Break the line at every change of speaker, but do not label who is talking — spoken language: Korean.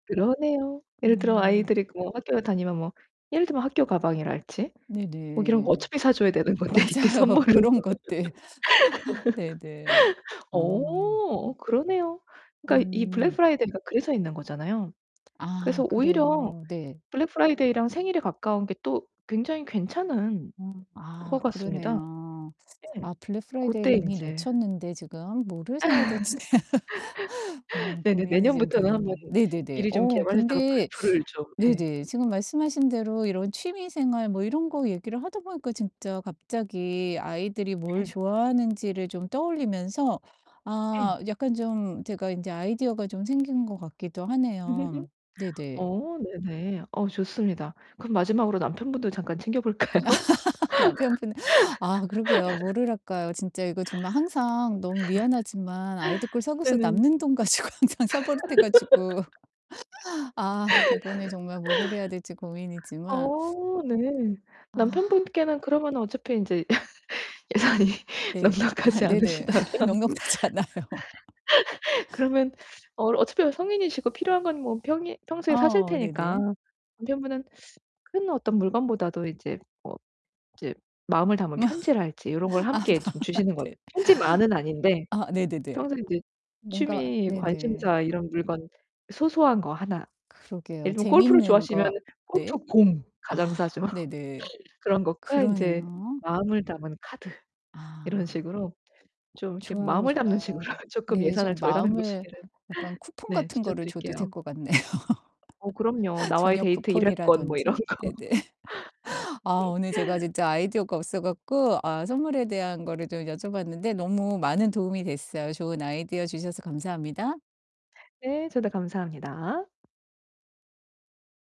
그러네요. 예를 들어
음.
아이들이 그 뭐 학교를 다니면 뭐 예를 들면 학교 가방이랄지 뭐 이런 거
네네.
어차피 사 줘야 되는 건데 이때
맞아요.
선물을
그런 것들. 네네. 어.
어 그러네요. 그러니까 이
음.
블랙프라이데이가 그래서 있는 거잖아요.
아
그래서 오히려
그래요. 네.
블랙프라이데이랑 생일에 가까운게 또 굉장히 괜찮은
음.
것
아
같습니다.
그러네요.
네.
아
고때
블랙프라이데이를 이미
인제
놓쳤는데 지금 뭐를 사야 되지? 어
네네.
고민이 좀
내년부터는 1 번
되네요. 네네네.
미리 좀
어
개발했다가
근데
블프를 좀 예.
네네. 지금 말씀하신 대로 이런 취미 생활 뭐 이런 거 얘기를 하다 보니까 진짜 갑자기 아이들이 뭘
음.
좋아하는지를 좀 떠올리면서
예.
아 약간 좀 제가 인제 아이디어가 좀 생긴 것 같기도 하네요. 네네.
어 네네. 어 좋습니다. 그럼 마지막으로 남편분도 잠깐 챙겨볼까요?
남편분은 아 그러게요. 뭐를 할까요? 진짜 이거 정말 항상 너무 미안하지만 아이들 걸 사고서
네네.
남는 돈 가지고 항상 사 버릇해 가지고 아 이번에 정말 뭐를 해야 될지 고민이지만
어 네.
아.
남편분께는 그러면은 어차피 인제 예산이
네.
넉넉하지
네네.
않으시다면
넉넉대지 않아요.
그러면 어 어차피 성인이시고 필요한 건 뭐 평일 평소에 사실
아
테니까
네네.
남편분은 큰 어떤 물건보다도 이제 뭐 이제 마음을 담은 편지랄지 요런 걸 함께 좀
아빠한테.
주시는 거는 편지만은 아닌데
아 네네네.
평소에 인제
뭔가
취미
네네.
관심사 이런 물건 소소한 거 하나,
그러게요.
예를 들면 골프를
재밌는 거
좋아하시면은
네.
골프 공. 가장 싸죠.
아 네네.
그런 것과 인제
그러네요.
마음을 담은 카드 이런
아.
식으로 좀 이렇게
좋아요,
마음을 담는 식으로
좋아요.
쪼끔
네
예산을
좀
절감해
마음을
보시기를
약간 쿠폰
네
같은 거를 줘도 될
추천드릴게요.
것 같네요.
어 그럼요. 나와의
저녁
데이트 1 회권 뭐 이런
쿠폰이라든지.
거.
네네. 아 오늘 제가 진짜 아이디어가 없어 갖고 아 선물에 대한 거를 좀 여쭤봤는데 너무 많은 도움이 됐어요. 좋은 아이디어 주셔서 감사합니다.
네 저도 감사합니다.